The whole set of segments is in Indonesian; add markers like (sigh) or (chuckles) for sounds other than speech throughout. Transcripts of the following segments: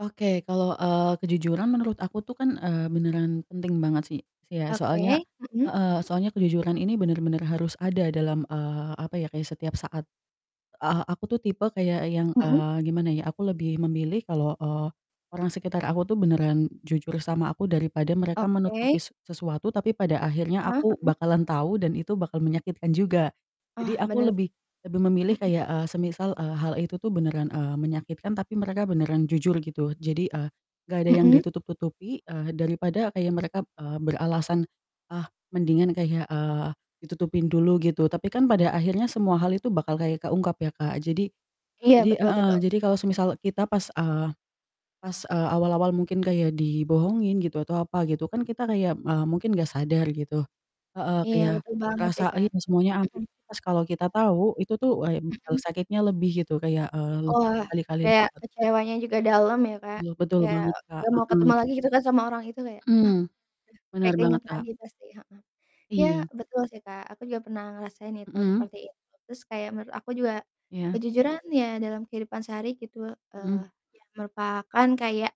Oke. Kalau, eee, kejujuran menurut aku tuh kan, eee, beneran penting banget sih sih ya, soalnya Oke, mhm. heeh, soalnya kejujuran ini benar-benar harus ada dalam, eee, apa ya, kayak setiap saat. Eee, aku tuh tipe kayak yang, Mhm. eee, gimana ya, aku lebih memilih kalau, eee, orang sekitar aku tuh beneran jujur sama aku daripada mereka menutupi Oke. se sesuatu, tapi pada akhirnya Heeh aku heeh. bakalan tahu dan itu bakal menyakitkan juga. Ah, Jadi, aku benar. lebih lebih memilih Mhm. kayak, eee, semisal, eee, hal itu tuh beneran, eee, menyakitkan, tapi mereka beneran jujur gitu. Jadi, eee, enggak ada yang Mhm. ditutup-tutupi, eee, daripada kayak mereka, eee, beralasan, ah, mendingan kayak, eee, ditutupin dulu gitu. Tapi kan pada akhirnya semua hal itu bakal kayak keungkap ya, Kak. Jadi Iya, jadi betul heeh, betul. jadi kalau semisal kita pas, eee, pas, eee, awal-awal mungkin kayak dibohongin gitu atau apa gitu kan, kita kayak, eee, mungkin enggak sadar gitu. Heeh, Iya, kayak betul banget sih, berasa, Kak, ini semuanya aman. mhm. Pas kalau kita tahu, itu tuh wah, mmm, Mhm. sakitnya lebih gitu, kayak, eee, lebih Wah, berkali-kali kayak lipat. kecewanya juga dalam ya, Kak. Betul betul Kayak banget, Kak. nggak mau ketemu Heeh. lagi gitu kan sama orang itu, kayak, ah Hmm. ah Bener kayak banget keingat Kak. lagi pasti, heeh. Iya, Iya. betul sih, Kak. Aku juga pernah ngerasain itu Mhm. seperti itu. Terus kayak menurut aku juga Iya. kejujuran ya dalam kehidupan sehari gitu, eee, Mhm. iya merupakan kayak,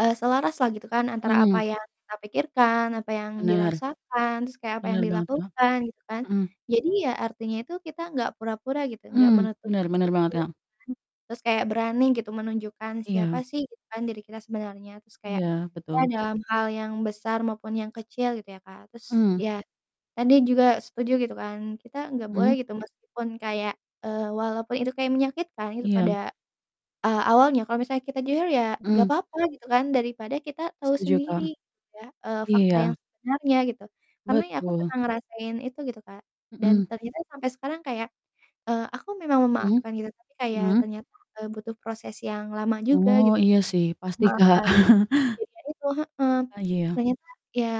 eee, selaraslah gitu kan antara apa Mmm. yang kita pikirkan, apa yang Bener. dirasakan, terus kayak apa yang Bener banget Kak. dilakukan gitu kan? Mhm. Jadi, ya artinya itu kita enggak pura-pura gitu, enggak Mmm, benar benar banget, menutup-nutupi Kak. mhm, terus kayak berani gitu menunjukkan siapa Iya. sih gitu kan diri kita sebenarnya. Terus kayak, Iya, ya betul. dalam hal yang besar maupun yang kecil gitu ya, Kak. Terus, Mmm. ya tadi juga setuju gitu kan, kita enggak boleh Mmm. gitu meskipun kayak, eee, walaupun itu kayak menyakitkan itu Iya. pada, eee, awalnya. Kalau misalnya kita jujur ya enggak Mmm. apa-apa gitu kan, daripada kita tahu Setuju Kak. sendiri, ya, eee fakta Iya. yang sebenarnya gitu. Karena ya aku Betul. pernah ngerasain itu gitu, Kak. Dan Mhm. ternyata sampai sekarang kayak, eee, aku memang Mhm, memaafkan gitu, tapi kayak mhm. ternyata, eee, butuh proses yang lama juga Oh, gitu iya sih, pasti Kak. memaafkan (chuckles) kejadian itu heeh. Ah, iya. Ternyata ya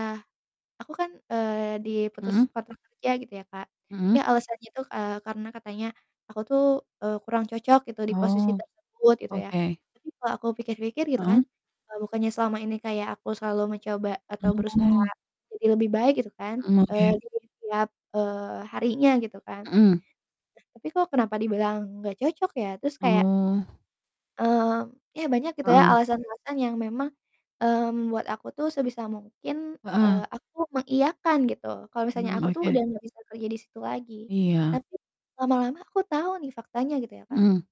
aku kan, eee, diputus Mhm. kontrak kerja gitu ya, Kak. Mhm. Ya alasannya itu, eee, karena katanya aku tuh, eee, kurang cocok gitu di posisi Oh, tersebut gitu ya. oke. Tapi kalau aku pikir-pikir gitu kan, Mhm. eee, bukannya selama ini kayak aku selalu mencoba atau berusaha Oh. jadi lebih baik gitu kan, Mmm, eee, oke. di setiap, eee, harinya gitu kan? Mhm. Nah, tapi kok kenapa dibilang enggak cocok ya? Terus kayak Oh. mmm, ya banyak gitu ya, Heeh. alasan-alasan yang memang, mmm, membuat aku tuh sebisa mungkin, eee, Heeh. aku mengiyakan gitu kalau misalnya Mmm, aku tuh oke. udah enggak bisa kerja di situ lagi. Iya. Tapi lama-lama aku tahu nih faktanya gitu ya, Kak. Mhm.